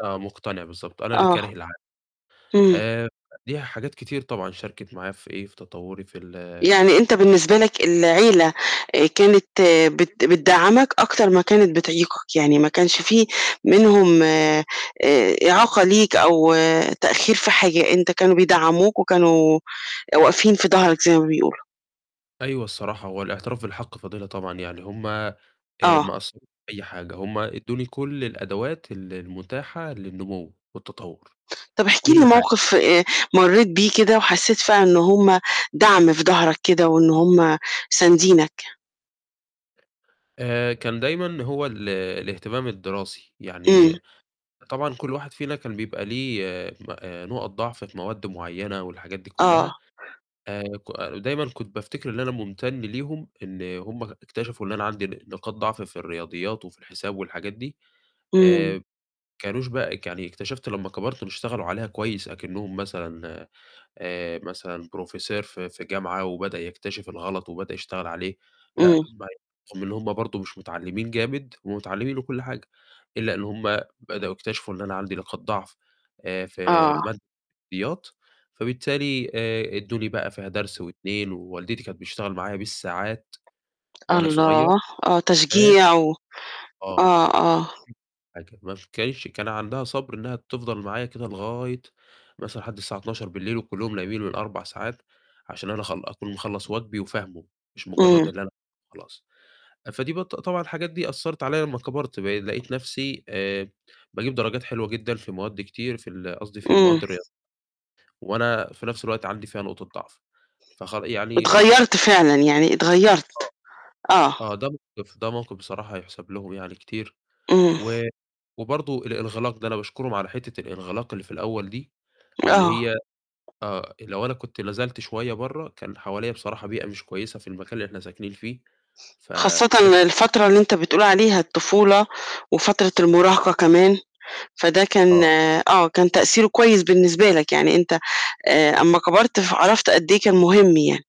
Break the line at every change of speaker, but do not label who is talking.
آه، مقتنع بالضبط، أنا اللي
آه،
كاره العالم،
امم.
آآ، ليها حاجات كتير طبعًا شاركِت معايا في إيه، في تطوري، في ال
يعني أنت بالنسبة لك العيلة، آآ، كانت بت بتدعّمك أكتر ما كانت بتعيقك، يعني ما كانش في منهم آآ إعاقة ليك أو تأخير في حاجة، أنت كانوا بيدعموك وكانوا واقفين في ضهرك زي ما بيقولوا.
أيوه الصراحة، هوالاعتراف بالحق فضيلة طبعًا، يعني هُم آآ ما
آه.
قصروش في أي حاجة، هُم إدوني كلّ الأدوات ال المتاحة للنمو والتطور،
طَب احكِ لي
كلّ حاجة.
موقف، آآ، مريت بيه كده وحسيت فعلًا إن هُم دعْم في ضهرك كده وإن هُم ساندينك.
آآ، كان دايمًا هو ال الاهتمام الدراسي،
امم.
يعني طبعًا كلّ واحد فينا كان بيبقى ليه م آآ نقط ضعف في مواد معيّنة والحاجات دي
آه.
كلّها، آآ ك دايمًا كنت بافتكر إن أنا ممتن ليهم إن هُم ك اكتشفوا إن أنا عندي ن نقاط ضعف في الرياضيات وفي الحساب والحاجات دي،
امم.
آآ، كانوش بقى يعني اكتشفت لمّا كبرت إنه اشتغلوا عليها كويس أكنهم مثلًا آآ مثلًا Professor في في جامعة وبدأ يكتشف الغلط، وبدأ يشتغل عليه، لأ،
امم.
ما [unintelligible] رغم إن هُم برضه مش متعلمين جامد، هُم متعلمين وكلّ حاجة، إلا إن همُ بدأوا يكتشفوا إن أنا عندي نقاط ضعف آآ في
آه.
مادة الرياضيات، فبالتالي آآ إدوني بقى فيها درس و2 ووالدتي كانت بتشتغل معايا بالساعات وأنا صغيّر،
الله! آه
عشان
تشجيع و
آه
آه، آه.
[unintelligible] حاجة، ما كانتش كان عندها صبر إنها تفضل معايا كده لغاية مثلًا لحد الساعة 00:00 بالليل وكلّهم نايمين من 4 ساعات، عشان أنا أخل أكون مخلَّص واجبي وفاهمه، مش مجرّد
امم.
إن أنا [unintelligible] خلاص، فدي بت طبعًا الحاجات دي أثّرت عليَّ لمّا كبرت، بقي لقيت نفْسي آآ باجيب درجات حلوة جدًا في مواد كتير، في ال قصدي في
امم.
مواد الرياضيات، وأنا في نفْس الوقت عندي فيها نقطة ضعف، فخ يعني إلى ح
واتغيّرت فعلًا، يعني
آه،
اتغيّرت، آه.
آه ده موقف ده موقف بصراحة يُحسب لهم يعني كتير،
امم.
و وبرضه الإنغلاق ده، أنا باشكرهم على حتّة الإنغلاق اللي في الأول دي، اللي
آه.
هي آه، لو أنا كنت نزلت شوية برّه، كان حواليّا بصراحة بيئة مش كويسة في المكان اللي إحنا ساكنين فيه، فده
خاصةً
كان
الفترة اللي أنت بتقول عليها الطفولة وفترة المراهقة كمان، فده كان
آه.
آه، كان تأثيره كويس بالنسبة لك، يعني أنت، آآ، أما كبرت فعرفت قد إيه كان مهم يعني.